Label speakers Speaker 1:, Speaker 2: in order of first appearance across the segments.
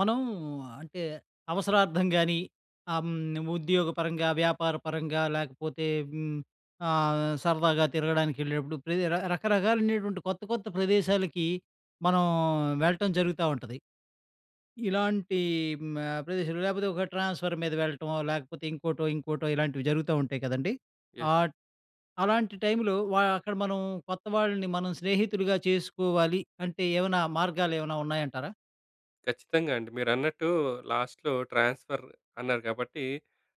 Speaker 1: మనం అంటే అవసరార్థం గాని, హ్మ్. ఉద్యోగ పరంగా, వ్యాపార పరంగా లేకపోతే, హ్మ్. ఆహ్, సరదాగా తిరగడానికి ఎళ్ళినప్పుడు, ప్రతి రకరకాలైనటువంటి కొత్త కొత్త ప్రదేశాలకి, మనం వెళ్ళటం జరుగుతా ఉంటది. ఇలాంటి హ్మ్. ఆహ్, ప్రదేశాలు లేకపోతే ఒక ట్రాన్స్ఫర్ మీద వెళ్ళటమో, లేకపోతే ఇంకోటో ఇంకోటో ఇలాంటివి జరుగుతా ఉంటాయి కదండీ.
Speaker 2: యస్!
Speaker 1: ఆ ట్ అలాంటి టైంలో వ అక్కడ మనం కొత్త వాళ్ళని, మనం స్నేహితులుగా చేసుకోవాలి, అంటే ఏవన్నా, మార్గాలు ఏవన్నా ఉన్నాయంటారా?
Speaker 2: ఖచ్చితంగా అండి. మీరన్నట్టు, లాస్ట్‌లో ట్రాన్స్ఫర్ అన్నారు గాబట్టి,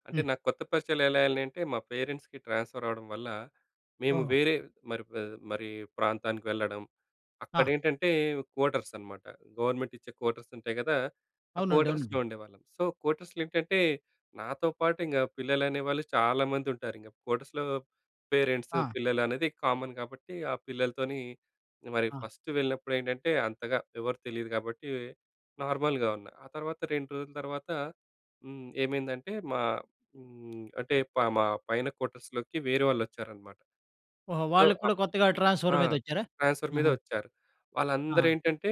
Speaker 2: అంటే
Speaker 1: హ్మ్.
Speaker 2: నాకు కొత్త పరిచయాలు ఎలా ఎల్లినయి అంటే, మా పేరెంట్స్‌కి ట్రాన్స్ఫర్ అవ్వడం వల్ల, మేము
Speaker 1: ఓహో!
Speaker 2: వేరే మరి ప మరి ప్రాంతానికి వెళ్లడం, అక్కడ
Speaker 1: ఆ!
Speaker 2: ఏంటంటే కోటర్స్ అనమాట. గవర్నమెంట్ ఇచ్చే కోటర్స్ ఉంటాయి కదా! ఆ
Speaker 1: అవునండి. అవునండి.
Speaker 2: కోటర్స్‌లో ఉండేవాళ్ళం. సో, కోటర్స్‌లో ఏంటంటే, నాతో పాటు ఇంగ పిల్లలు అనేవాళ్ళు చాలామంది ఉంటారు. ఇంగ కోటర్స్‌లో పేరెంట్స్,
Speaker 1: ఆ!
Speaker 2: పిల్లలు అనేది కామన్ కాబట్టి, ఆ పిల్లలతోని మరి
Speaker 1: ఆ!
Speaker 2: ఫస్ట్ వెళ్ళినప్పుడు ఏంటంటే, అంతగా ఎవరు తెలీదు కాబట్టి, నార్మల్‍గా ఉన్నా. ఆ తర్వాత, 2 రోజుల తర్వాత, హ్మ్. ఏమైందంటే మా హ్మ్, అంటే పామా పైన క్వార్టర్స్‌లోకి వేరే వాళ్ళు వచ్చారనమాట.
Speaker 1: ఓహో!
Speaker 2: సో,
Speaker 1: వాళ్ళు కూడా
Speaker 2: ఆప్
Speaker 1: కొత్తగా ట్రాన్స్ఫర్
Speaker 2: ఆ!
Speaker 1: మీద వచ్చారా?
Speaker 2: ట్రాన్స్ఫర్ మీదే
Speaker 1: ఆహా!
Speaker 2: వచ్చారు. వాళ్ళందరూ
Speaker 1: ఆహా!
Speaker 2: ఏంటంటే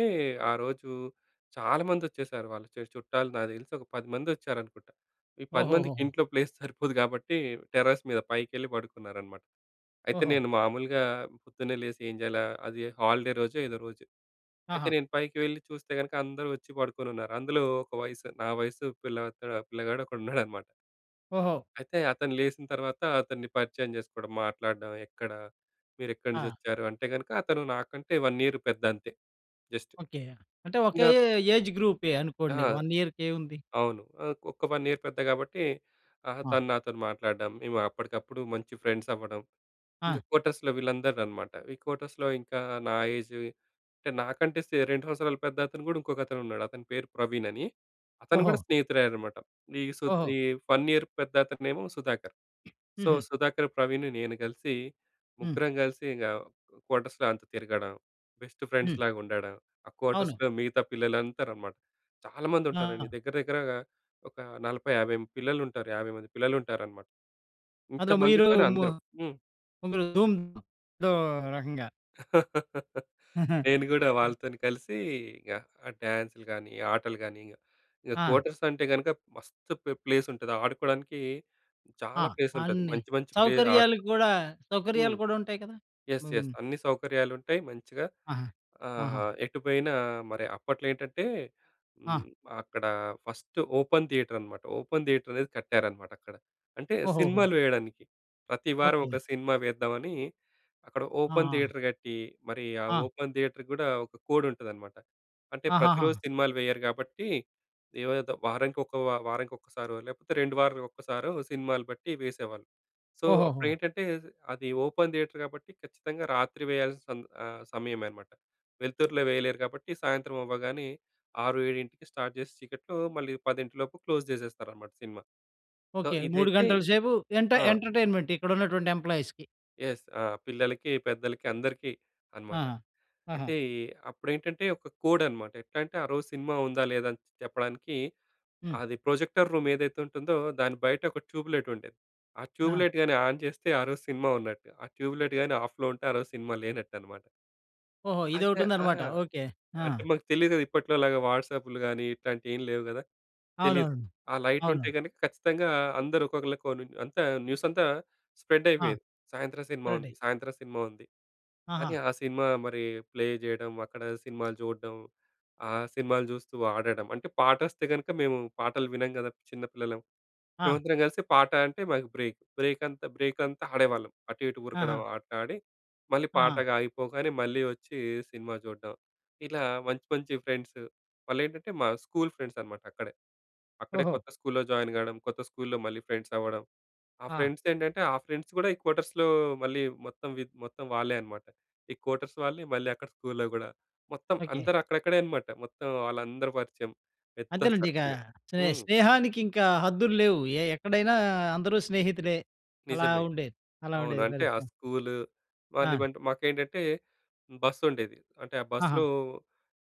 Speaker 2: ఆ రోజు, చాలా మంది వచ్చేసారు. వాళ్ళ చేస్ చుట్టాలు నాకు తెలిసి ఒక పదిమంది వచ్చారనుకుంటా. ఈ 10 మందికి
Speaker 1: ఓహోహోహో!
Speaker 2: ఇంట్లో ప్లేస్ సరిపోదు కాబట్టి, టెర్రస్ మీద పైకెళ్ళి పడుకున్నారనమాట. అయితే,
Speaker 1: ఓహో!
Speaker 2: నేను మామూలుగా పొద్దున్నే లేసి ఏం చేయాలా? అది హాలిడే రోజో ఏదో రోజు. అయితే
Speaker 1: ఆహా!
Speaker 2: నేను పైకి వెళ్ళి చూస్తే కనుక, అందరూ వచ్చి పడుకొని ఉన్నారు. అందులో ఒక వయసు నా వయస్సు పిల్లలక్కడ పిల్లగాడు ఒకడు ఉన్నాడనమాట.
Speaker 1: ఓహో!
Speaker 2: అయితే అతను లేసిన తర్వాత అతన్ని పరిచయం చేసుకోవడం, మాట్లాడడం, ఎక్కడ మీరు ఎక్కడి నుంచి
Speaker 1: ఆ!
Speaker 2: వచ్చారు? అంటే గనుక, అతను నాకంటే 1 ఇయర్ పెద్ద అంతే, జస్టు
Speaker 1: ఓకె. అంటే,
Speaker 2: ఇగ
Speaker 1: ఒకే ఎ ఏజ్ గ్రూపే
Speaker 2: ఆ!
Speaker 1: అనుకోండి. 1 ఇయర్‌ కేముంది.
Speaker 2: అవును. ఆహ్, ఒక్క 1 ఇయర్ పెద్ద కాబట్టి, ఆహా!
Speaker 1: ఆ!
Speaker 2: తను నాతోని మాట్లాడడం, మేము అప్పటికప్పుడు మంచి ఫ్రెండ్స్ అవ్వడం. ఇంగ
Speaker 1: ఆ!
Speaker 2: కోటర్స్‌లో, వీళ్ళందరూ అనమాట. ఈ కోటర్స్‌లో ఇంకా నా ఏజు అంటే, నాకంటే సె 2 సంవత్సరాలు పెద్ద, అతను కూడా ఇంకొక అతను ఉన్నాడు. అతని పేరు ప్రవీణ్ అని, అతను కూడా
Speaker 1: ఓహో!
Speaker 2: స్నేహితుడు అయ్యాడనమాట. ఈ సు
Speaker 1: ఓహో!
Speaker 2: ఈ ఫన్ ఇయర్ పెద్దతను ఏమో సుధాకర్. సో,
Speaker 1: హుహు.
Speaker 2: సుధాకర్, ప్రవీణ్, నేను కలిసి
Speaker 1: హ్మ్.
Speaker 2: ముగ్గురం కలిసి ఇంగ కోటర్స్‌లో అంతా తిరగడం, బెస్ట్
Speaker 1: హ్మ్.
Speaker 2: ఫ్రెండ్స్‌లాగా ఉండడం. ఆ
Speaker 1: అవును.
Speaker 2: కోటర్స్‌లో మిగతా పిల్లలందరనమాట. చాలా మంది ఉంటారండి.
Speaker 1: ఆ!
Speaker 2: దగ్గర దగ్గరగా ఒక 40, 50 మం పిల్లలు ఉంటారు. 50 మంది పిల్లలు ఉంటారన్నమాట.
Speaker 1: అందులో మీరు
Speaker 2: ఇంతమందితోని అందరం. హ్మ్.
Speaker 1: [unintelligible] ఏదో రకంగా.
Speaker 2: నేను గూడా
Speaker 1: క
Speaker 2: వాళ్ళతోని కలిసి, ఇంగ ఆ డాన్స్‌లు గాని, ఆటలు గాని, ఇంగ
Speaker 1: ఆ!
Speaker 2: కోటర్స్ అంటే గనుక మస్తు ప్ ప్లేస్ ఉంటది ఆడుకోవడానికి,
Speaker 1: ఆ!
Speaker 2: చాలా ప్లేస్ ఉంటది.
Speaker 1: అన్ని
Speaker 2: మంచి మంచి ప్లే
Speaker 1: సౌకర్యాలు
Speaker 2: ఆడుకో
Speaker 1: కూడా
Speaker 2: హ్మ్.
Speaker 1: సౌకర్యాలు కూడా ఉంటాయి కదా!
Speaker 2: యస్!
Speaker 1: బం
Speaker 2: యస్! అన్ని సౌకర్యాలు ఉంటాయి మంచిగా.
Speaker 1: ఆహా! ఆహా!
Speaker 2: ఆహ్, ఎటు పోయినా మరి అప్పట్లో ఏంటంటే,
Speaker 1: ఆ!
Speaker 2: హ్మ్. అక్కడ ఫస్ట్ ఓపెన్ థియేటర్ అనమాట. ఓపెన్ థియేటర్ అనేది కట్టారనమాట అక్కడ. అంటే
Speaker 1: ఓహోహో!
Speaker 2: సినిమాలు వేయడానికి, ప్రతి వారం
Speaker 1: ఓకె.
Speaker 2: ఒక సినిమా వేద్దామని, అక్కడ ఓపెన్
Speaker 1: ఆహా!
Speaker 2: థియేటర్ గట్టి, మరి ఆ
Speaker 1: ఆ!
Speaker 2: ఓపెన్ థియేటర్‌కి గుడా ఒక కోడ్ ఉంటదనమాట. అంటే
Speaker 1: ఆహాహా!
Speaker 2: ప్రతిరోజు సినిమాలు వేయరు గాబట్టి, ఏదో వారానికి ఒక వారానికి ఒకసారో లేకపోతే రెండు వారాలకొక్కసారో, సినిమాలు బట్టి వేసేవాళ్ళు. సో అప్పుడు
Speaker 1: ఓహోహో!
Speaker 2: ఏంటంటే అది ఓపెన్ థియేటర్ కాబట్టి ఖచ్చితంగా రాత్రి వేయాల్సిన ఆ సమయమే అన్నమాట. వెలుతురులో వేయలేరు కాబట్టి సాయంత్రం అవ్వగానే, ఆరు ఏడింటికి స్టార్ట్ చేసి చీకట్లో, మళ్ళీ పదింటిలోపు క్లోజ్ చేసేస్తారన్నమాట సినిమా. So
Speaker 1: okay. 3
Speaker 2: ఇదైతే
Speaker 1: గంటల సేపు ఎంట
Speaker 2: ఆ!
Speaker 1: ఎంటర్టైన్మెంట్ ఇక్కడున్నటువంటి ఎంప్లాయిస్‌కి.
Speaker 2: యెస్, ఆహ్, పిల్లలకి, పెద్దలకి, అందరికీ
Speaker 1: ఆ!
Speaker 2: అనమాట.
Speaker 1: ఆహా!
Speaker 2: అయితే అప్పుడేంటంటే, ఒక కోడ్ అనమాట. ఎట్లా అంటే, ఆ రోజు సినిమా ఉందా, లేదా అని చెప్పడానికి,
Speaker 1: హ్మ్.
Speaker 2: అది ప్రొజెక్టర్ రూమ్ ఏదైతే ఉంటుందో, దాని బయట ఒక ట్యూబ్ లైట్ ఉండేది. ఆ ట్యూబ్
Speaker 1: ఆ!
Speaker 2: లైట్ గాని ఆన్ చేస్తే, ఆరోజు సినిమా ఉన్నట్టు. ఆ ట్యూబ్ లైట్ గాని ఆఫ్‌లో ఉంటే, ఆ రోజు సినిమా లేనట్టనమాట.
Speaker 1: ఓహో!
Speaker 2: అయితే ఆ!
Speaker 1: ఇదొకటుందనమాట. ఓకె. ఆ!
Speaker 2: అంటే మాకు తెలీదు కదా! ఇప్పట్లోలాగా వాట్సాప్‍లు గానీ, ఇట్లాంటియేమి లేవు గదా! తెలీదు.
Speaker 1: అవునవును.
Speaker 2: ఆ లైటుంటే
Speaker 1: అవును.
Speaker 2: గనుక ఖచ్చితంగా అందరూ ఒక్కొక్కళ్ళకోనుం అంతా, న్యూసంతా
Speaker 1: ఆ!
Speaker 2: స్ప్రెడ్డయిపోయేది. సాయంత్రం సినిమా ఉంది,
Speaker 1: చూడండి.
Speaker 2: సాయంత్రం సినిమా ఉంది.
Speaker 1: ఆహా!
Speaker 2: అని, ఆ సినిమా మరి ప్లే జేయడం, అక్కడ సినిమాలు జూడడం. ఆ సినిమాలు జూస్తూ ఆడడం. అంటే, పాటొస్తే గనుక మేము పాటలు వినం గదా! చిన్న పిల్లలం.
Speaker 1: ఆ!
Speaker 2: మేమందరం గలిసి పాట అంటే, మాకు బ్రేక్, బ్రేకంతా బ్రేకంతా ఆడేవాళ్ళం అటు, ఇటు ఉరకడం,
Speaker 1: ఆహా!
Speaker 2: ఆటలాడి, మళ్ళీ
Speaker 1: ఆహా!
Speaker 2: పాటగ ఆగిపోగానే మళ్ళీ వచ్చి సినిమా జూడ్డం. ఇలా మంచి, మంచి ఫ్రెండ్స్. వాళ్ళేంటంటే, మా స్కూలు ఫ్రెండ్సనమాట అక్కడే. అక్కడే
Speaker 1: ఓహో!
Speaker 2: కొత్త స్కూల్‌లో జాయిన్ గాడం, కొత్త స్కూల్‌లో మళ్ళీ ఫ్రెండ్సవ్వడం. ఆ
Speaker 1: ఆ!
Speaker 2: ఫ్రెండ్సేంటంటే, ఆ ఫ్రెండ్స్ గూడా ఈ క్వార్టర్స్‌లో, మళ్ళీ మొత్తం వీద్ మొత్తం వాళ్ళే అనమాట. ఈ క్వార్టర్స్ వాళ్ళే మళ్ళీ అక్కడ స్కూల్‌లో గూడా. మొత్తం
Speaker 1: ఓకె.
Speaker 2: అందరూ అక్కడక్కడే అనమాట. మొత్తం వాళ్ళందరూ పరిచయం, పెద్ద
Speaker 1: అంతేనండి. ఇక,
Speaker 2: సర్కిలే.
Speaker 1: స్నే
Speaker 2: హ్మ్.
Speaker 1: స్నేహానికి ఇంకా హద్దులు లేవు. ఏ ఎక్కడైనా అందరూ స్నేహితులే. అలా
Speaker 2: నిజమే,
Speaker 1: ఉండేది. అలా
Speaker 2: అవును.
Speaker 1: ఉండేది
Speaker 2: అంటే ఆ
Speaker 1: పరిస్థితి.
Speaker 2: స్కూలు,
Speaker 1: ఆ!
Speaker 2: వాళ్ళేమంటే మాకేంటంటే బస్సుండేది. అంటే, ఆ
Speaker 1: ఆహా!
Speaker 2: బస్సులో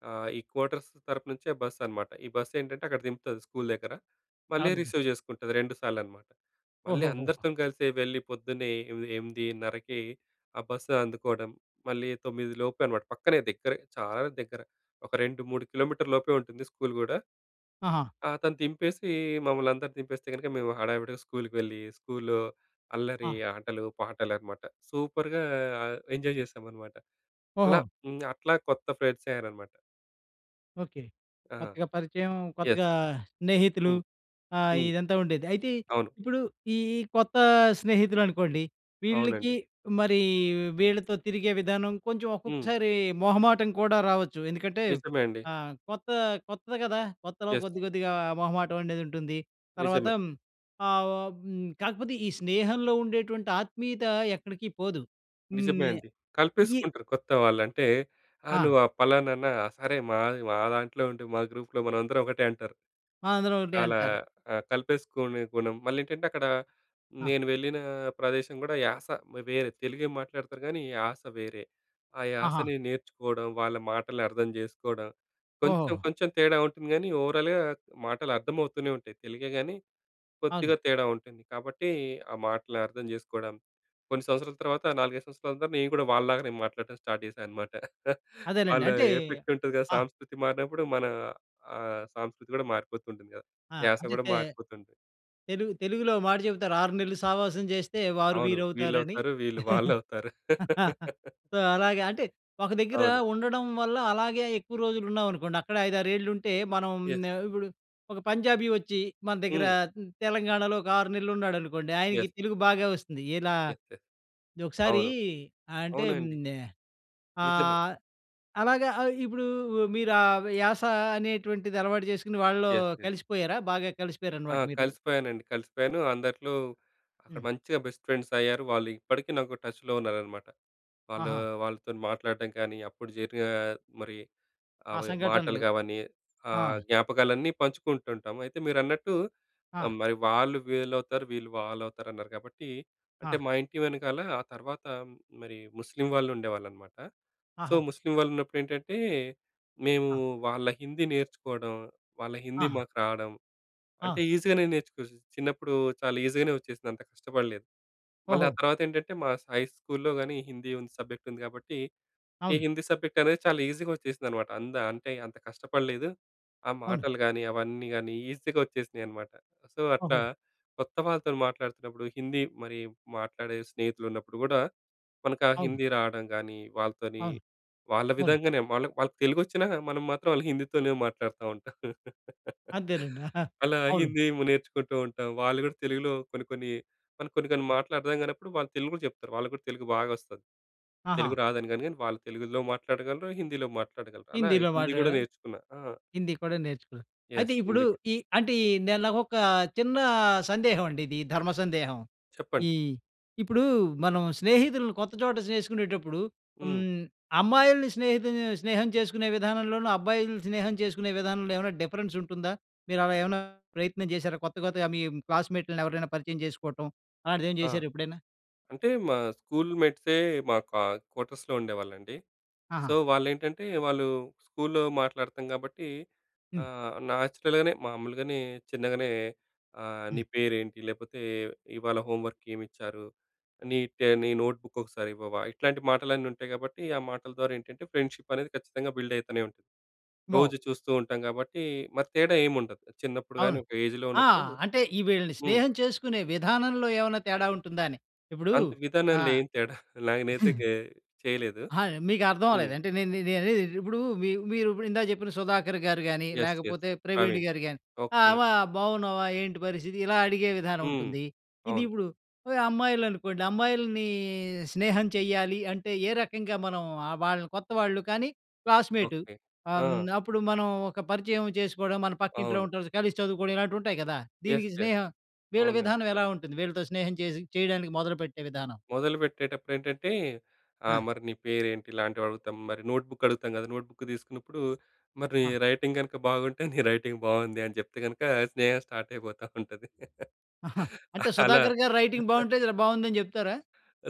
Speaker 2: ఆహ్, ఈ క్వార్టర్స్ తరపు నుంచే బస్సనమాట. ఈ బస్సేంటంటే అక్కడ దింపుతాది, స్కూలు దగ్గర. మళ్ళీ
Speaker 1: అవునండి.
Speaker 2: రిసీవ్ జేసుకుంటాది. 2 సార్లనమాట. మళ్ళీ
Speaker 1: ఓహోహో!
Speaker 2: అందరితోని కలిసి వెళ్లి, పొద్దున్నే ఎ ఎమిదిన్నరకి, ఆ బస్సు అందుకోడం. మళ్ళీ 9 లోపే అనమాట పక్కనే దగ్గరే, చాలా దగ్గర. ఒక 2, 3 కిలోమీటర్ల లోపే ఉంటుంది స్కూలు గూడా.
Speaker 1: ఆహా!
Speaker 2: ఆ! అతను తింపేసీ, మమ్మల్నందరి దింపేస్తే గనుక మేము హడావిడిగా స్కూల్‌కి వెళ్ళి, స్కూల్‌లో అల్లరి,
Speaker 1: ఆ!
Speaker 2: ఆటలు, పాటలనమాట. సూపరుగా ఎంజాయ్ జేసామనమాట. అలా
Speaker 1: ఓహో!
Speaker 2: హ్మ్, అట్లా కొత్త ఫ్రెండ్సయ్యారనమాట.
Speaker 1: ఓకే,
Speaker 2: ఆ!
Speaker 1: కొత్తగా పరిచయం,
Speaker 2: ఎస్.
Speaker 1: కొత్తగా స్నేహితులు,
Speaker 2: హ్మ్.
Speaker 1: ఆహ్,
Speaker 2: హ్మ్.
Speaker 1: ఇదంతా ఉండేది. అయితే
Speaker 2: అవును.
Speaker 1: ఇప్పుడూ, ఈ ఈ కొత్త స్నేహితులు అనుకోండి. వీళ్ళకి
Speaker 2: అవునండి.
Speaker 1: మరీ వీళ్ళతో తిరిగే విధానం, కొంచెం
Speaker 2: హ్మ్.
Speaker 1: ఒక్కొక్కసారి మొహమాటం కూడా రావొచ్చు. ఎందుకంటే,
Speaker 2: నిజమే అండి.
Speaker 1: ఆహ్, కొత్త, కొత్తది గదా! కొత్తలో
Speaker 2: ఎస్.
Speaker 1: కొద్ది, కొద్దిగా మొహమాటం అనేదుంటుంది. తర్వాత
Speaker 2: నిజమే.
Speaker 1: హ్మ్, ఆహ్, ఆహ్, హ్మ్, కాకపోతే, ఈ స్నేహంలో ఉండేటువంటి ఆత్మీయత ఎక్కడికి పోదు. హ్మ్.
Speaker 2: నిజమే
Speaker 1: నే
Speaker 2: అండి.
Speaker 1: ఈ
Speaker 2: కలిపేసుకుంటారు. కొత్త వాళ్ళు. అంటే, ఆ!
Speaker 1: ఆ!
Speaker 2: నువ్వు ఆ పలానానా? ఆ! సరే మా మా దాంట్లో ఉండు. మా గ్రూప్‌లో మనందరం ఒకటే, అంటారు.
Speaker 1: ఆ! అందులో ఉండే
Speaker 2: అలా
Speaker 1: అంటారు.
Speaker 2: ఆహ్, కలిపేసుకునే గుణం, మళ్ళీ ఏంటంటే అక్కడ,
Speaker 1: ఆ!
Speaker 2: నేను వెళ్ళిన ప్రదేశం కూడా యాస, వేరే తెలుగే మాట్లాడతారు కానీ, యాస వేరే. ఆ
Speaker 1: ఆహా!
Speaker 2: యాసని నేర్చుకోవడం, వాళ్ళ మాటలు అర్థం చేసుకోవడం. కొంచెం,
Speaker 1: ఓహో.
Speaker 2: కొంచెం తేడా ఉంటుంది గానీ, ఓవరాల్‌గా మాటలు అర్థమవుతూనేవుంటాయి. తెలుగే గానీ,
Speaker 1: అవును.
Speaker 2: కొద్దిగా తేడా ఉంటుంది. కాబట్టి, ఆ మాటలు అర్థం చేసుకోవడం, కొన్ని సంవత్సరాల తర్వాత, 4, 5 సంవత్సరాల తర్వాత, నేను కూడా వాళ్ళలాగానే మాట్లాడటం స్టార్ట్ చేశానన్నమాట.
Speaker 1: అదేలేండి.
Speaker 2: వాళ్ళ
Speaker 1: అంటే
Speaker 2: ఎఫెక్ట్ ఉంటది కదా!
Speaker 1: ఆ!
Speaker 2: సాంస్కృతి, మారినప్పుడు మన ఆహ్, సాంస్కృతి కూడా మారిపోతుంటుంది కదా!
Speaker 1: ఆ!
Speaker 2: యాస కూడా
Speaker 1: అంతంతే
Speaker 2: మారిపోతుంది.
Speaker 1: తెలుగు తెలుగులో ఓ మాట చెప్తారు 6 నెలలు సావాసం చేస్తే ,వారు
Speaker 2: అవును. వీళ్ళు
Speaker 1: వీరవుతారని.
Speaker 2: అవుతారు. వీళ్ళు వాళ్ళవుతారు.
Speaker 1: సో, అలాగ అంటే, ఒక దగ్గర
Speaker 2: అవును.
Speaker 1: ఉండడం వల్ల, అలాగే ఎక్కువ రోజులు ఉన్నావనుకోండి, అక్కడే 5, 6 ఏళ్ళు ఉంటే, మనం
Speaker 2: ఎస్.
Speaker 1: న ఇప్పుడు ఒక పంజాబీ వచ్చి, మన దగ్గర
Speaker 2: హ్మ్.
Speaker 1: తెలంగాణలో ఒక 6 నెలలున్నాడనుకోండి,
Speaker 2: ఎస్.
Speaker 1: ఆయనకి తెలుగు బాగా వొస్తుంది. ఇలా
Speaker 2: ఎస్. ఎస్.
Speaker 1: ద్ ఒకసారి,
Speaker 2: అవును,
Speaker 1: అంటే మ్
Speaker 2: అవునండి.
Speaker 1: అ
Speaker 2: నిజమే.
Speaker 1: ఆహ్, అలాగా ఆహ్, ఇప్పుడూ మీరు ఆ యాస అనేటువంటిది అలవాటు చేసుకొని వాళ్లో
Speaker 2: ఎస్. ఎస్.
Speaker 1: కలిసిపోయారా? బాగా
Speaker 2: ఆ!
Speaker 1: కలిసిపోయారనమాట మీరు.
Speaker 2: కలిసిపోయానండి, కలిసిపోయాను. అందరిలో, అక్కడ
Speaker 1: హ్మ్.
Speaker 2: మంచిగా బెస్ట్ ఫ్రెండ్సయ్యారు. వాళ్ళు ఇప్పటికి నాకు టచ్‌లో ఉన్నారనమాట. వాళ్ళు,
Speaker 1: ఆహా!
Speaker 2: వాళ్ళతోని మాట్లాడటం కానీ, అప్పుడు జరిగిన మరి,
Speaker 1: ఆ
Speaker 2: అవి మాటలు
Speaker 1: సంఘటనలు.
Speaker 2: గావన్ని,
Speaker 1: ఆ!
Speaker 2: ఆహ్, జ్ఞాపకాలన్నీ పంచుకుంటుంటాం. అయితే మీరన్నట్టు,
Speaker 1: ఆ!
Speaker 2: మరి వాళ్ళు వీల్లవుతారు, వీళ్ళు వాళ్ళవుతారు, అన్నారు కాబట్టి, అంటే,
Speaker 1: ఆ!
Speaker 2: మా ఇంటి వెనకాల, ఆ తర్వాత, మరి, ముస్లిం వాళ్ళు ఉండేవాళ్ళనమాట. సో,
Speaker 1: ఆహా!
Speaker 2: ముస్లిం వాళ్ళు ఉన్నప్పుడు ఏంటంటే, మేము
Speaker 1: ఆ!
Speaker 2: వాళ్ళ హిందీ నేర్చుకోడం, వాళ్ళ హిందీ
Speaker 1: ఆ!
Speaker 2: మాకు రాడం. అంటే,
Speaker 1: ఆ!
Speaker 2: ఈజీ గానే నేర్చుకోవచ్చు. చిన్నప్పుడు చాలా ఈజీ గానే వచ్చేసింది. అంత కష్టపడలేదు. మళ్ళీ ఆ
Speaker 1: ఓహో.
Speaker 2: తర్వాత ఏంటంటే, మా స హై స్కూల్‌లో కానీ, హిందీ ఉంది సబ్జెక్ట్ ఉంది గాబట్టి, ఈ
Speaker 1: అవును.
Speaker 2: హిందీ సబ్జెక్ట్ అనేది చాలా ఈజీగా వచ్చేసిందనమాట. అంత అంటే, అంత కష్టపడలేదు. ఆ
Speaker 1: అవును.
Speaker 2: మాటలు గాని, అవన్నీ గాని, ఈజీగా వచ్చేసినాయనమాట. సో, అట్లా
Speaker 1: ఓహో.
Speaker 2: కొత్త వాళ్ళతో మాట్లాడుతున్నప్పుడు హిందీ మరి, మాట్లాడే స్నేహితులు ఉన్నప్పుడు కూడా, మనకు ఆ
Speaker 1: అవును.
Speaker 2: హిందీ రావడం గానీ, వాళ్ళతోని
Speaker 1: అవును.
Speaker 2: వాళ్ళ
Speaker 1: అవును.
Speaker 2: విధంగానే వాళ్ళాక్ వాళ్ళకి తెలుగొచ్చినా, మనం మాత్రం వాళ్ల హిందీతోనే మాట్లాడుతుంటాం.
Speaker 1: అంతేనండి.
Speaker 2: అలా
Speaker 1: అవును.
Speaker 2: హిందీ ము నేర్చుకుంటుంటాం. వాళ్ళు కూడా తెలుగులో కొన్ని, కొన్ని, కొన్ని కొన్ని మాటలు అర్థం కానప్పుడు వాళ్ళు తెలుగు‌లో జేప్తారు. వాళ్ళకి కూడా తెలుగు బాగా వొస్తాది.
Speaker 1: ఆహా!
Speaker 2: తెలుగు రాదని గాని, గాని, వాళ్ళు తెలుగులో మాట్లాడగలరు, హిందీలో మాట్లాడగలరు. అలా
Speaker 1: హిందీలో
Speaker 2: హిందీ కూడా
Speaker 1: మాట్లాడం.
Speaker 2: నేర్చుకున్న. ఆ!
Speaker 1: హిందీ కూడా నేర్చుకున్నారు. అయితే
Speaker 2: ఎస్.
Speaker 1: ఇప్పుడు,
Speaker 2: హిందీ కూడా.
Speaker 1: ఈ అంటే, ఈ నాకొక చిన్న సందేహం అండి, ఇది ధర్మ సందేహం.
Speaker 2: చెప్పండి.
Speaker 1: ఇ ఇప్పుడు మనం, స్నేహితుల్ని కొత్త చోట చేసుకునేటప్పుడు,
Speaker 2: హ్మ్.
Speaker 1: హ్మ్, అమ్మాయిల్ని స్నేహితు స్నేహం చేసుకునే విధానంలోనూ, అబ్బాయిలు స్నేహం చేసుకునే విధానంలో ఏమన్నా డిఫరెన్స్ ఉంటుందా? మీరు అలా ఏమైనా ప్రయత్నం చేశారా? కొత్త, కొత్తగా మీ క్లాస్‌మేట్‍ లని ఎవరైనా పరిచయం చేసుకోవటం, అలాంటిదేమైనా
Speaker 2: ఆ!
Speaker 1: చేశారా? ఎప్పుడైనా?
Speaker 2: అంటే, మా స్కూల్‌మేట్సే మా కా క్వార్టర్స్‌లో ఉండేవాళ్ళండి.
Speaker 1: ఆహా!
Speaker 2: సో, వాళ్ళు ఏంటంటే, వాళ్ళు స్కూల్‌లో మాట్లాడతాం కాబట్టి,
Speaker 1: హ్మ్.
Speaker 2: ఆహ్, నేచురల్‍ గానే, మామూలుగానే, చిన్నగనే, ఆహ్, నీ
Speaker 1: హ్మ్.
Speaker 2: పేరేంటి? లేకపోతే ఇవాళ హోమ్ వర్క్ ఏమిచ్చారు? నీ ట నీ నోట్బుక్కొక్కసారివ్వవా? ఇట్లాంటి మాటలన్నీ ఉంటాయి కాబట్టి, ఆ మాటల ద్వారా ఏంటంటే, ఫ్రెండ్‌షిప్ అనేది ఖచ్చితంగా బిల్డ్ అయితనే ఉంటది.
Speaker 1: మొ
Speaker 2: రోజూ చూస్తుంటాం కాబట్టి, మరి తేడా ఏమి ఉండదు. చిన్నప్పుడు గానీ,
Speaker 1: అవును.
Speaker 2: ఒక ఏజ్‌లో
Speaker 1: ఆ!
Speaker 2: ఉన్నప్పుడు
Speaker 1: అంటే, ఈ వీళ్ళని
Speaker 2: హ్మ్.
Speaker 1: స్నేహం చేసుకునే విధానంలో ఏమైనా తేడా ఉంటుందా అని. ఇప్పుడూ,
Speaker 2: అంత్
Speaker 1: ఆ
Speaker 2: విధానంలో ఏం తేడా నేనైతే గె చేయలేదు.
Speaker 1: అహా! మీకు అర్థం అవ్వలేదు.
Speaker 2: హ్మ్.
Speaker 1: అంటే నే నే అనేది ఏంటి, ఇప్పుడు మీ మీరు ఇందాక చెప్పిన సుధాకర్‌గారు గాని,
Speaker 2: ఎస్. ఎస్.
Speaker 1: లేకపోతే
Speaker 2: ప్రవీణ్,
Speaker 1: ప్రవీణ్‌గారు గాని, ఆహ్,
Speaker 2: ఓకే.
Speaker 1: వా బాగున్నావా? ఏంటి పరిస్థితి? ఇలా అడిగే విధానం
Speaker 2: హ్మ్.
Speaker 1: ఉంటుంది. ఇది
Speaker 2: అవును.
Speaker 1: ఇప్పుడు ఆహ్, అమ్మాయిలు అనుకోండి, అమ్మాయిల్ని స్నేహం చేయ్యలి అంటే, ఏ రకంగా మనం ఆహ్, వాళ్ళని కొత్తవాళ్ళు కానీ, క్లాస్‌మేటు
Speaker 2: ఓకే.
Speaker 1: ఆహ్, హ్మ్,
Speaker 2: ఆ!
Speaker 1: అప్పుడు మనం ఒక పరిచయం చేసుకోవడం, మన పక్కింట్లో
Speaker 2: అవును.
Speaker 1: ఉంటారు, కలిసి చదువుకోవడం, ఇలాంటివుంటాయి కదా!
Speaker 2: ఎస్.
Speaker 1: దీనికి
Speaker 2: ఎస్.
Speaker 1: స్నేహం, వీళ్ళ
Speaker 2: అవునండి.
Speaker 1: విధానం ఎలా ఉంటుంది? వీళ్ళతో స్నేహం చేసి చేయడానికి మొదలుపెట్టే విధానం.
Speaker 2: మొదలుపెట్టేటప్పుడు ఏంటంటే, ఆ
Speaker 1: ఆ!
Speaker 2: మరి నీ పేరు ఏంటి? ఇలాంటివి అడుగుతాం. మరి నోట్‌బుక్‌ అడుగుతాం కదా! నోట్ బుక్ తీసుకున్నప్పుడు, మరి నీ
Speaker 1: ఆ!
Speaker 2: రైటింగ్ కనుక బాగుంటే, నీ రైటింగ్ బావుంది అని చెప్తే గనక, స్నేహం స్టార్ట్ అయిపోతా ఉంటది.
Speaker 1: ఆహా! అంటే,
Speaker 2: అలా
Speaker 1: సుధాకర్‌గారు రైటింగ్ బాగుంటే, జర బావుందని చెప్తారా?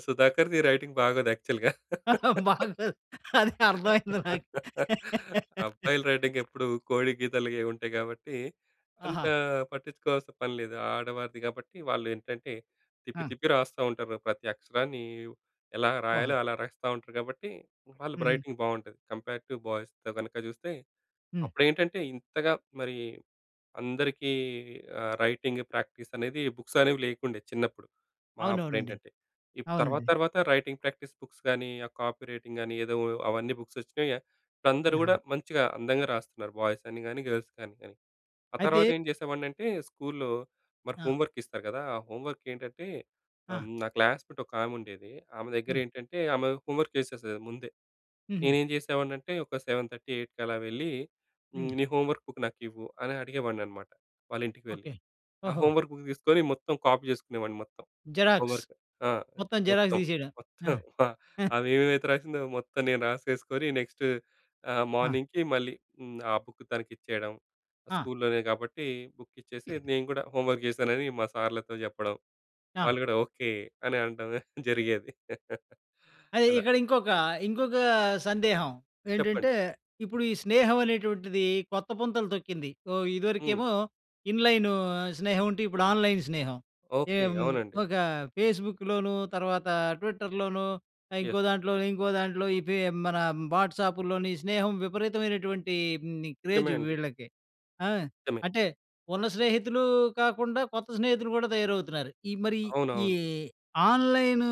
Speaker 2: సుధాకర్‌ది రైటింగ్ బాగోదు యాక్చువల్‌గా.
Speaker 1: బాగోదు. అది అర్ధమైంది నాకు.
Speaker 2: అబ్బాయిలు రైటింగ్ ఎప్పుడు కోడి గీతలు గే ఉంటాయి కాబట్టి, అంత
Speaker 1: ఆహా!
Speaker 2: పట్టించుకోవాల్సిన పని లేదు. ఆడవారిది కాబట్టి, వాళ్ళు ఏంటంటే తిప్పి,
Speaker 1: ఆ!
Speaker 2: తిప్పి రాస్తుంటారు. ప్రతి అక్షరాన్ని ఎలా
Speaker 1: ఓహో!
Speaker 2: రాయాలో, అలా రాస్తా ఉంటారు కాబట్టి, వాళ్ళ
Speaker 1: హుహు.
Speaker 2: రైటింగ్ బావుంటది, కంపేరేటివ్ బాయ్స్ కనుక చూస్తే.
Speaker 1: హ్మ్
Speaker 2: అప్పుడు ఏంటంటే, ఇంతగా మరీ, అందరికీ ఆహ్, రైటింగ్ ప్రాక్టీస్ అనేది బుక్స్ అనేవి లేకుండే చిన్నప్పుడు, మా అప్పుడు
Speaker 1: అవునవునండి.
Speaker 2: ఏంటంటే, ఇప్ తర్వాత,
Speaker 1: అవునండి.
Speaker 2: తర్వాత రైటింగ్ ప్రాక్టీస్ బుక్స్ గాని, ఆ కాపీ రైటింగ్ గానీ, ఏదో అవన్నీ బుక్స్ వొచ్చినాయి. అందరూ
Speaker 1: ద ఆ!
Speaker 2: కూడా మంచిగా అందంగా రాస్తున్నారు. బాయ్స్ అని కాని, గర్ల్స్ కాని, కాని. ఆ తర్వాత
Speaker 1: అయితే
Speaker 2: ఏం చేసేవాడిని అంటే, స్కూల్‌లో మరి
Speaker 1: ఆ!
Speaker 2: హోమ్ వర్క్ ఇస్తారు కదా! ఆ హోమ్ వర్క్ ఏంటంటే,
Speaker 1: ఆ!
Speaker 2: హ్మ్, నా క్లాస్‌మేట్స్‌ ఒక ఆమె ఉండేది. ఆమె దగ్గర
Speaker 1: హ్మ్.
Speaker 2: ఏంటంటే, ఆమె హోమ్ వర్క్ చేసేసేది ముందే.
Speaker 1: హుహు.
Speaker 2: నేనేం చేసేవాడిని అంటే, ఒక 7:30, 8కి అలా వెళ్ళి హ్మ్,
Speaker 1: హ్మ్.
Speaker 2: నీ హోమ్ వర్క్ బుక్ నాకివ్వు, అని అడిగేవాడిననమాట, వాళ్ళ ఇంటికి వెళ్ళి.
Speaker 1: ఒకే.
Speaker 2: ఆ
Speaker 1: ఓహో!
Speaker 2: హోమ్‌వర్క్ బుక్ తీసుకొని, మొత్తం కాపీ చేసుకునేవాడిని మొత్తం, హోమ్
Speaker 1: జిరాక్స్.
Speaker 2: వర్క్. ఆ!
Speaker 1: మొత్తం జిరాక్స్
Speaker 2: మొత్తం.
Speaker 1: తీసేడం.
Speaker 2: మొత్తం
Speaker 1: ఆ!
Speaker 2: అమె ఏమేమైతే రాసిందో, మొత్తం నేను రాసేసుకొని నెక్స్ట్ ఆహ్,
Speaker 1: ఆ!
Speaker 2: మార్నింగ్‌కి మళ్ళీ హ్మ్, ఆ బుక్ తనకిచ్చేయడం,
Speaker 1: ఆ!
Speaker 2: స్కూల్‌లోనే కాబట్టి, బుక్కిచ్చేసి నేను కూడా హోమ్ వర్క్ చేశానని మా సార్‌లతో చెప్పడం.
Speaker 1: ఆ!
Speaker 2: వాళ్ళు కూడా, "ఓకే" అని అనడం జరిగేది
Speaker 1: అదే
Speaker 2: అలా.
Speaker 1: ఇక్కడ ఇంకొక, ఇంకొక సందేహం
Speaker 2: చెప్పండి?
Speaker 1: ఏంటంటే, ఇప్పుడు, ఈ స్నేహం అనేటువంటిది కొత్త పుంతలు తొక్కింది. ఓ
Speaker 2: హ్మ్.
Speaker 1: ఇదివరకేమో, ఇన్‍లైను స్నేహం ఉంటే, ఇప్పుడు ఆన్‍లైన్ స్నేహం.
Speaker 2: ఓకే.
Speaker 1: ఎమ్
Speaker 2: అవునండి.
Speaker 1: ఒక ఫేస్‌బుక్ లోను తర్వాత, ట్విట్టర్ లోనూ,
Speaker 2: ఎస్.
Speaker 1: ఇంకోదాంట్లో, ఇంకోదాంట్లో ఇవే మన వాట్సాప్ లోని, స్నేహం విపరీతమైనటువంటి మ్
Speaker 2: నిజమే
Speaker 1: క్రేజు
Speaker 2: అండి.
Speaker 1: వీళ్ళకి. ఆ!
Speaker 2: నిజమే.
Speaker 1: అంటే ఉన్న స్నేహితులు కాకుండా, కొత్త స్నేహితులు కూడా తయారవుతున్నారు. ఈ మరీ ఈ
Speaker 2: అవునవును.
Speaker 1: ఆన్‌లైను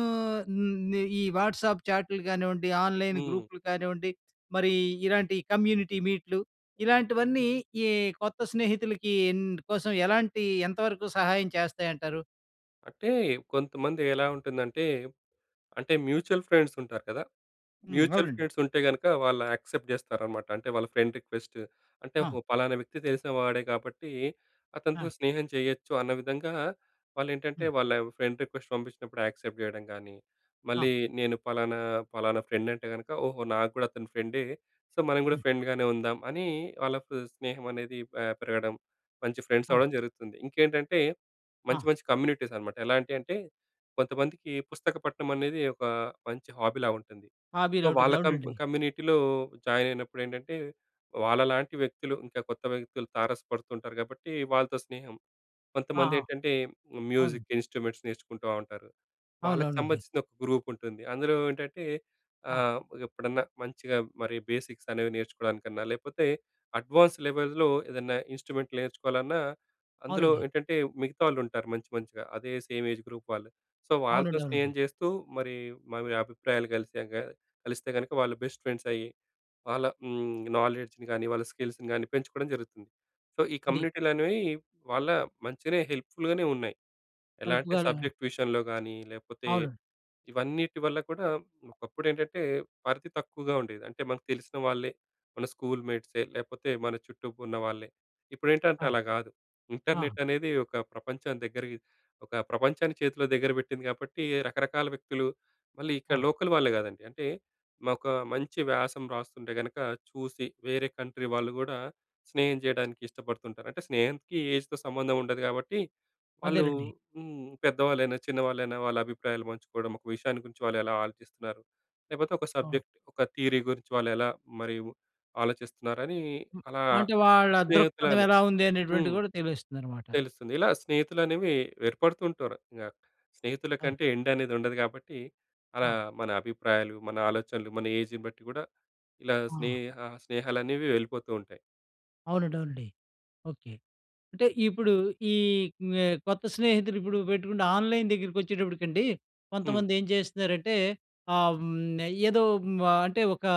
Speaker 1: మ్ ఈ వాట్సాప్ చాట్‌లు కానివ్వండి, ఆన్‌లైన్
Speaker 2: హ్మ్.
Speaker 1: గ్రూప్‌లు కానివ్వండి, మరీ ఇలాంటి కమ్యూనిటీ మీట్‌లు, ఇలాంటివన్నీ ఈ కొత్త స్నేహితులకి ఇందు కోసం ఎలాంటి, ఎంతవరకు సహాయం చేస్తాయంటారు?
Speaker 2: అంటే కొంతమంది ఎలా ఉంటుందంటే, అంటే మ్యూచువల్ ఫ్రెండ్స్ ఉంటారు కదా!
Speaker 1: హ్మ్,
Speaker 2: మ్యూచువల్
Speaker 1: అవునండి.
Speaker 2: ఫ్రెండ్స్ ఉంటే గనక, వాళ్ళు యాక్సెప్ట్ చేస్తారనమాట. అంటే వాళ్ళ ఫ్రెండ్ రిక్వెస్ట్‌ని. అంటే,
Speaker 1: ఆ!
Speaker 2: "ఓహో! పలానా వ్యక్తి తెలిసినవాడే కాబట్టి, అతనితో
Speaker 1: ఆ!
Speaker 2: స్నేహం చేయొచ్చు" అన్న విధంగా వాళ్లు ఏంటంటే,
Speaker 1: హ్మ్.
Speaker 2: వాళ్ళ ఫ్రెండ్ రిక్వెస్ట్‌ని పంపించినప్పుడు యాక్సెప్ట్ చేయడం గాని,
Speaker 1: ఆ!
Speaker 2: మళ్ళీ నేను ఫలానా ఫలానా ఫ్రెండ్ అంటే గనక, "ఓహో! నాకు గూడా అతను ఫ్రెండే. సో, మనం కూడా
Speaker 1: హ్మ్.
Speaker 2: ఫ్రెండ్‍గానే ఉందాం" అని వాళ్ళకు స్నేహం అనేది, పె పెరగడం మంచి ఫ్రెండ్స్
Speaker 1: ఆ!
Speaker 2: అవ్వడం జరుగుతుంది. ఇంకేంటంటే,
Speaker 1: ఆ!
Speaker 2: మంచి మంచి కమ్యూనిటీస్ అన్నామాట. ఎలాంటి అంటే, కొంతమందికి పుస్తక పఠనం అనేది, ఒక మంచి హాబీలా ఉంటుంది. సో,
Speaker 1: హాబీలా ఉంటుంది,
Speaker 2: వాళ్ళ కం
Speaker 1: అవునండి.
Speaker 2: కమ్యూనిటీలో జాయిన్ అయినప్పుడు. ఏంటంటే, వాళ్ళలాంటి వ్యక్తులు ఇంకా కొత్త వ్యక్తులు తారసపడుతుంటారు కాబట్టి, వాళ్ళతో స్నేహం.
Speaker 1: ఆహా!
Speaker 2: కొంతమందేంటంటే,
Speaker 1: అవును.
Speaker 2: మ్యూజిక్ ఇన్స్ట్రుమెంట్స్‌ని నేర్చుకుంటా ఉంటారు. వాళ్లకి
Speaker 1: అవునవునండి.
Speaker 2: సంబంధించిన ఒక గ్రూప్ ఉంటుంది. అందులో ఏంటంటే,
Speaker 1: ఆ!
Speaker 2: ఆహ్, ఎప్పుడన్నా మంచిగా మరి బేసిక్స్‌ని అనేవి నేర్చుకోవడానికన్నా, లేకపోతే అడ్వాన్స్డ్ లెవెల్స్‌లో ఏదన్నా ఇన్స్ట్రుమెంట్‌ని నేర్చుకోవాలన్నా, అందులో
Speaker 1: అవునండి.
Speaker 2: ఏంటంటే మిగతా వాళ్ళు ఉంటారు మంచి మంచిగా. అదే సేమ్ ఏజ్ గ్రూప్ వాళ్ళు. సో, వాళ్ళతో
Speaker 1: అవునండి, అవునండి.
Speaker 2: స్నేహం చేస్తూ, మరి మావి అభిప్రాయాలు కలిశాక, కలిస్తే గనక, వాళ్ళు బెస్ట్ ఫ్రెండ్స్ అయ్యి, వాళ్ళ నాలెడ్జ్‌ని గానీ, వాళ్ళ స్కిల్స్‌ని గాని, పెంచుకోవడం జరుగుతుంది. సో, ఈ
Speaker 1: అది
Speaker 2: కమ్యూనిటీలు అనేవి, వాళ్ళ మంచిగానే హెల్ప్‌ఫుల్‍గానే ఉన్నాయి. ఎలా అంటే
Speaker 1: హెల్ప్‌గానే
Speaker 2: సబ్జెక్ట్ విషయంలో గానీ లేకపోతే,
Speaker 1: అవును.
Speaker 2: ఇవన్నిటి వల్ల కూడా. ఒకప్పుడు ఏంటంటే పరిధి తక్కువగా ఉండేది. అంటే మనకు తెలిసిన వాళ్ళే, మన స్కూల్ మేట్సే, లేకపోతే మన చుట్టూ ఉన్నవాళ్ళే. ఇప్పుడేంటంటే
Speaker 1: ఆ!
Speaker 2: అలా కాదు.
Speaker 1: ఆ!
Speaker 2: ఇంటర్‍నెట్ అనేది ఒక ప్రపంచం దగ్గరకి ఒక ప్రపంచాన్ని చేతిలో దగ్గర పెట్టింది. కాబట్టి, రకరకాల వ్యక్తులు మళ్ళీ ఇక్కడ
Speaker 1: ఆ!
Speaker 2: లోకల్ వాళ్ళే కాదండి. అంటే, ఒక మంచి వ్యాసం రాస్తుంటే గనక, చూసి వేరే కంట్రీ వాళ్ళు గూడా స్నేహం చేయడానికి ఇష్టపడుతుంటారు. అంటే స్నేహానికి ఏజ్‌తో సంబంధం ఉండదు కాబట్టి, వాళ్ళు,
Speaker 1: అదేనండి.
Speaker 2: హ్మ్, పెద్దవాళ్ళైనా, చిన్నవాళ్ళైనా వాళ్ళ అభిప్రాయాలు పంచుకోవడం. ఒక విషయాన్ని గురించి వాళ్ళు ఎలా ఆలోచిస్తున్నారు, లేకపోతే ఒక
Speaker 1: ఆ!
Speaker 2: సబ్జెక్ట్, ఒక థియరీ గురించి వాళ్ళు ఎలా, మరి ఆలోచిస్తున్నారనీ,
Speaker 1: హ్మ్.
Speaker 2: అలా
Speaker 1: అంటే వాళ్ళ దృక్పథం
Speaker 2: స్నేహితులని
Speaker 1: ఎలా ఉంది అనేటువంటిది,
Speaker 2: హ్మ్.
Speaker 1: కూడా తెలుస్తుందనమాట.
Speaker 2: తెలుస్తుంది. ఇలా స్నేహితులనేవి, ఏర్పడుతుంటారు. యాహ్! స్నేహితుల
Speaker 1: ఆ!
Speaker 2: కంటే ఎండ్ అనేది ఉండదు కాబట్టి,
Speaker 1: ఆ!
Speaker 2: అలా మన అభిప్రాయాలు, మన ఆలోచనలు, మన ఏజ్‌ని బట్టి గూడా, ఇలా
Speaker 1: ఆ!
Speaker 2: స్నేహ స్నేహాలనేవి వెళ్ళిపోతుంటాయి.
Speaker 1: అవునండి, అవునండి. ఓకె! అంటే ఇప్పుడు, ఈ క్మ్ కొత్త స్నేహితులు ఇప్పుడు పెట్టుకుంటే, ఆన్‍లైన్ దగ్గరకి వచ్చేటప్పటికండి,
Speaker 2: హ్మ్.
Speaker 1: కొంతమంది ఏం చేస్తున్నారంటే, ఆహ్, హ్మ్, ఏదో హ్మ్, అంటే ఓకా,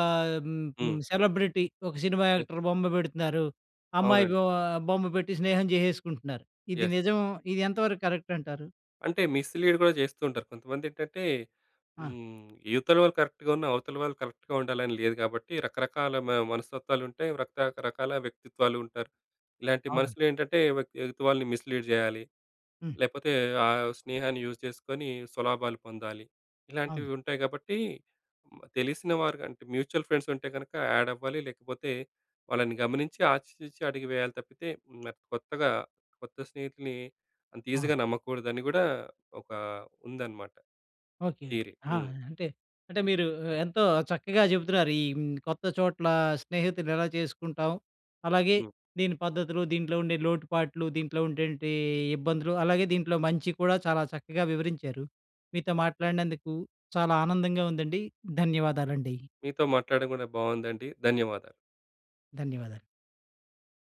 Speaker 1: హ్మ్, హ్మ్,
Speaker 2: హ్మ్.
Speaker 1: సెలబ్రిటీ, ఒక సినిమా
Speaker 2: యెస్.
Speaker 1: యాక్టర్ బొమ్మ పెడుతున్నారు, అమ్మాయి
Speaker 2: అవునండి.
Speaker 1: బొ బొమ్మ పెట్టి స్నేహం చేసేసుకుంటున్నారు. ఇది
Speaker 2: యెస్. యెస్.
Speaker 1: నిజం, ఇది ఎంతవరకు కరెక్ట్ అంటారు?
Speaker 2: అంటే మిస్‌లీడ్ కూడా చేస్తూ ఉంటారు. కొంతమంది ఏంటంటే,
Speaker 1: అ!
Speaker 2: హ్మ్, ఇవతల వాళ్ళు కరెక్ట్‌గ ఉన్న అవతల వాళ్ళు కరెక్ట్‌గా ఉండాలని లేదు కాబట్టి, రకరకాల మ మనస్తత్వాలు ఉంటాయి, రక్త రకాల వ్యక్తిత్వాలు ఉంటారు. ఇలాంటి
Speaker 1: అవునండి.
Speaker 2: మనుషులు ఏంటంటే ఎ ఎదుటివాళ్ళని మిస్‌లీడ్ చేయాలి,
Speaker 1: హ్మ్.
Speaker 2: లేకపోతే ఆహ్, స్నేహాన్ని యూజ్ చేసుకొని స్వలాభాలు పొందాలి. ఇలాంటివి
Speaker 1: అవును.
Speaker 2: ఉంటాయి కాబట్టి, తెలిసిన వారికంటే, మ్యూచువల్ ఫ్రెండ్స్ ఉంటే కనుక యాడ్ అవ్వాలి లేకపోతే, వాళ్ళని గమనించి ఆచితూచి అడుగు వేయాలి తప్పితే, హ్మ్, కొత్తగా కొత్త స్నేహితుల్ని, అంత
Speaker 1: ఆ!
Speaker 2: ఈజీగా నమ్మకూడదని కూడా, ఒక ఉందనమాట.
Speaker 1: ఓకె! ఓకె!
Speaker 2: థియరీ.
Speaker 1: ఆ!
Speaker 2: హ్మ్.
Speaker 1: అంటే అంటే మీరు ఎ ఎంతో చక్కగా చెబుతున్నారు. ఈ హ్మ్, కొత్త చోట్ల స్నేహితులు ఎలా చేసుకుంటాం, అలాగే
Speaker 2: హ్మ్.
Speaker 1: దీని పద్ధతులు, దీంట్లో ఉండే లోటుపాట్లు, దీంట్లో ఉండేటటువంటి ఇబ్బందులు, అలాగే దీంట్లో మంచి కూడా, చాలా చక్కగా వివరించారు. మీతో మాట్లాడినందుకు చాలా ఆనందంగా ఉందండి, ధన్యవాదాలండి.
Speaker 2: మీతో మాట్లాడడం కూడా బాగుందండి. ధన్యవాదాలు.
Speaker 1: ధన్యవాదాలు.